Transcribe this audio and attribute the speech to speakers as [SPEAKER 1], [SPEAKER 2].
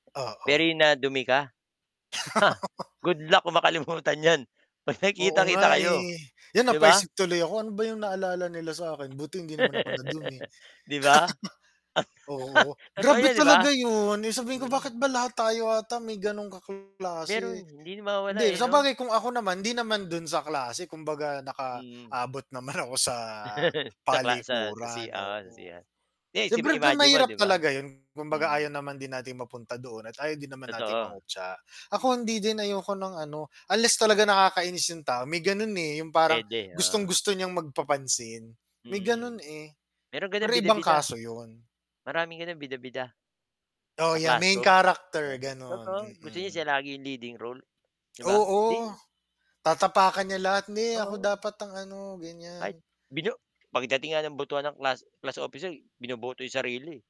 [SPEAKER 1] Oo.
[SPEAKER 2] Very nadumi ka? Ha! Good luck kung makalimutan yan pag
[SPEAKER 1] Oo
[SPEAKER 2] nakikita-kita
[SPEAKER 1] nga,
[SPEAKER 2] kayo,
[SPEAKER 1] eh. 'Yon
[SPEAKER 2] 'di ba?
[SPEAKER 1] napaisip tuloy ako, "Ano ba yung naalala nila sa'kin? Buti hindi naman ako nadumi."
[SPEAKER 2] 'Di ba?
[SPEAKER 1] Oo.
[SPEAKER 2] Totoo
[SPEAKER 1] Grabe
[SPEAKER 2] yan 'di ba?
[SPEAKER 1] talaga 'yun! Eh, sabihin ko,
[SPEAKER 2] Mhm.
[SPEAKER 1] "Bakit ba lahat tayo ata may gano'ng kaklase?"
[SPEAKER 2] Meron, hindi na
[SPEAKER 1] Hindi,
[SPEAKER 2] mawawala, eh, 'no?
[SPEAKER 1] sabagay kung ako naman hindi naman do'n sa klase kumbaga
[SPEAKER 2] Mhm.
[SPEAKER 1] nakaabot naman ako sa
[SPEAKER 2] Sa kla sa, sa
[SPEAKER 1] palikuran,
[SPEAKER 2] CR, sa
[SPEAKER 1] oo.
[SPEAKER 2] CR 'Di, siyempre
[SPEAKER 1] Siyempre ga
[SPEAKER 2] imagine mo
[SPEAKER 1] mahirap
[SPEAKER 2] 'di ba?
[SPEAKER 1] talaga 'yun kumbaga ayaw
[SPEAKER 2] Mhm.
[SPEAKER 1] naman din natin mapunta doon at ayaw din naman natin
[SPEAKER 2] Totoo.
[SPEAKER 1] mangutya. Ako hindi din ayoko ng ano unless talaga nakakainis yung tao may gano'n, eh, yung parang
[SPEAKER 2] Puwede, oo.
[SPEAKER 1] gustong-gusto niyang magpapansin, may
[SPEAKER 2] Mhm.
[SPEAKER 1] gano'n, eh.
[SPEAKER 2] Merong gano'n
[SPEAKER 1] Pero ibang
[SPEAKER 2] bida-bida.
[SPEAKER 1] kaso 'yun.
[SPEAKER 2] Maraming gano'n bida-bida.
[SPEAKER 1] Oo
[SPEAKER 2] Sa
[SPEAKER 1] yeah, main
[SPEAKER 2] classroom,
[SPEAKER 1] character
[SPEAKER 2] 'no,
[SPEAKER 1] gano'n,
[SPEAKER 2] totoo gusto niya
[SPEAKER 1] mm.
[SPEAKER 2] siya lagi yung leading role, 'di ba?
[SPEAKER 1] Oo,
[SPEAKER 2] 'Di
[SPEAKER 1] tatapakan niya lahat "Hindi ako
[SPEAKER 2] Oo.
[SPEAKER 1] dapat ang ano" Ganiyan.
[SPEAKER 2] Kahit bino pagdating nga ng botohan ng class class officer binoboto yung sarili eh.